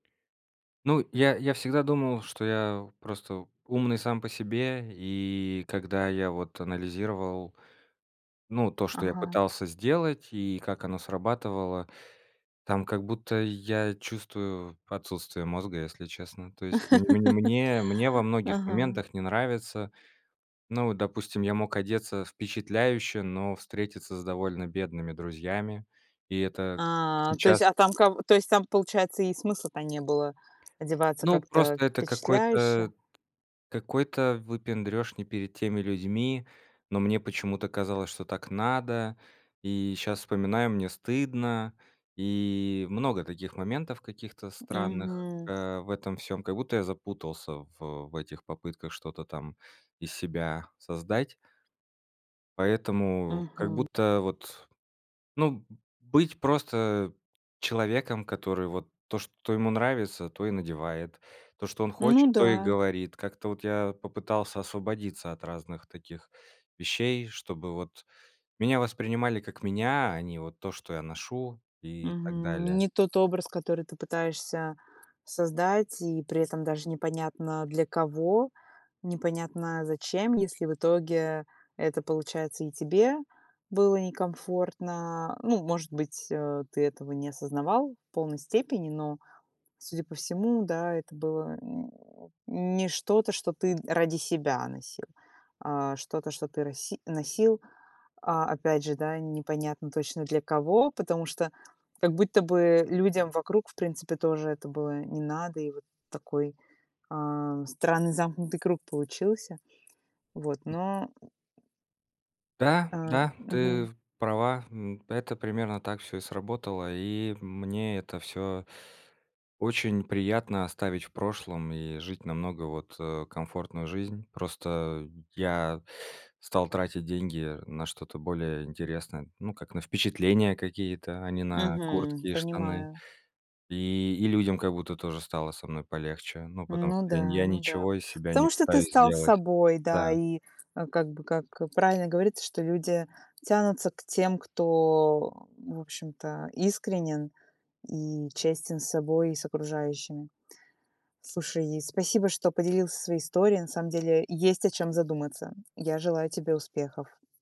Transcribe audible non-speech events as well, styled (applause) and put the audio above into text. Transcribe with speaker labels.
Speaker 1: Ну, я я всегда думал, что я просто умный сам по себе. И когда я вот анализировал, ну, то, что я
Speaker 2: Ага.
Speaker 1: пытался сделать и как оно срабатывало, там как будто я чувствую отсутствие мозга, если честно. То есть мн мне мне во
Speaker 2: (laughs)
Speaker 1: многих
Speaker 2: Ага.
Speaker 1: моментах не нравится Ну вот, допустим, я мог одеться впечатляюще, но встретиться с довольно бедными друзьями. И это
Speaker 2: А, то есть,
Speaker 1: сейчас
Speaker 2: а
Speaker 1: с
Speaker 2: там, ка то есть, там, получается, и смысла-то не было одеваться
Speaker 1: Ну,
Speaker 2: как-то
Speaker 1: просто это
Speaker 2: впечатляюще.
Speaker 1: какой-то какой-то выпендрёж не перед теми людьми, но мне почему-то казалось, что так надо. И щас вспоминаю- мне стыдно. И много таких моментов каких-то странных,
Speaker 2: Мгм.
Speaker 1: э, в этом всём. Как будто я запутался в в этих попытках что-то там из себя создать. Поэтому как
Speaker 2: Мгм.
Speaker 1: будто вот, ну, м, быть просто человеком, который вот то, что ему нравится, то и надевает; то, что он
Speaker 2: Ну
Speaker 1: хочет, то и
Speaker 2: да.
Speaker 1: говорит. Как-то вот я попытался освободиться от разных таких вещей, чтобы вот меня воспринимали как меня, а не вот то, что я ношу и так
Speaker 2: Мгм.
Speaker 1: далее.
Speaker 2: Не тот образ, который ты пытаешься создать, и при этом даже непонятно для кого, непонятно зачем, если в итоге это получается и тебе было некомфортно. Ну, может быть, э, ты этого не осознавал в полной степени, но, судя по всему, да, это было м, (grunts) не что-то, что ты ради себя носил, а что-то, что ты роси носил. А, опять же, да, непонятно точно для кого, потому что как будто бы людям вокруг, в принципе, тоже это было не надо, и вот такой, а, странный замкнутый круг получился. Вот,
Speaker 1: М.
Speaker 2: но.
Speaker 1: Да,
Speaker 2: А,
Speaker 1: да, ты
Speaker 2: мгм.
Speaker 1: права. М, это примерно так всё и сработало. И мне это всё очень приятно оставить в прошлом и жить намного вот, э, комфортную жизнь. Просто я стал тратить деньги на что-то более интересное. Ну, как, на впечатления какие-то, а не на
Speaker 2: Мгм.
Speaker 1: куртки и штаны.
Speaker 2: Понимаю.
Speaker 1: И и людям как будто тоже стало со мной полегче. Ну, потому
Speaker 2: Ну
Speaker 1: что я
Speaker 2: да,
Speaker 1: я
Speaker 2: ну да.
Speaker 1: ничего из себя не
Speaker 2: Потому что ты
Speaker 1: пытаюсь
Speaker 2: стал
Speaker 1: сделать.
Speaker 2: собой, да.
Speaker 1: Да.
Speaker 2: И, э, как бы, как правильно говорится, что люди тянутся к тем, кто, в общем-то, искренен и честен с собой и с окружающими. Слушай, спасибо, что поделился своей историей. На самом деле есть, о чём задуматься. Я желаю тебе успехов.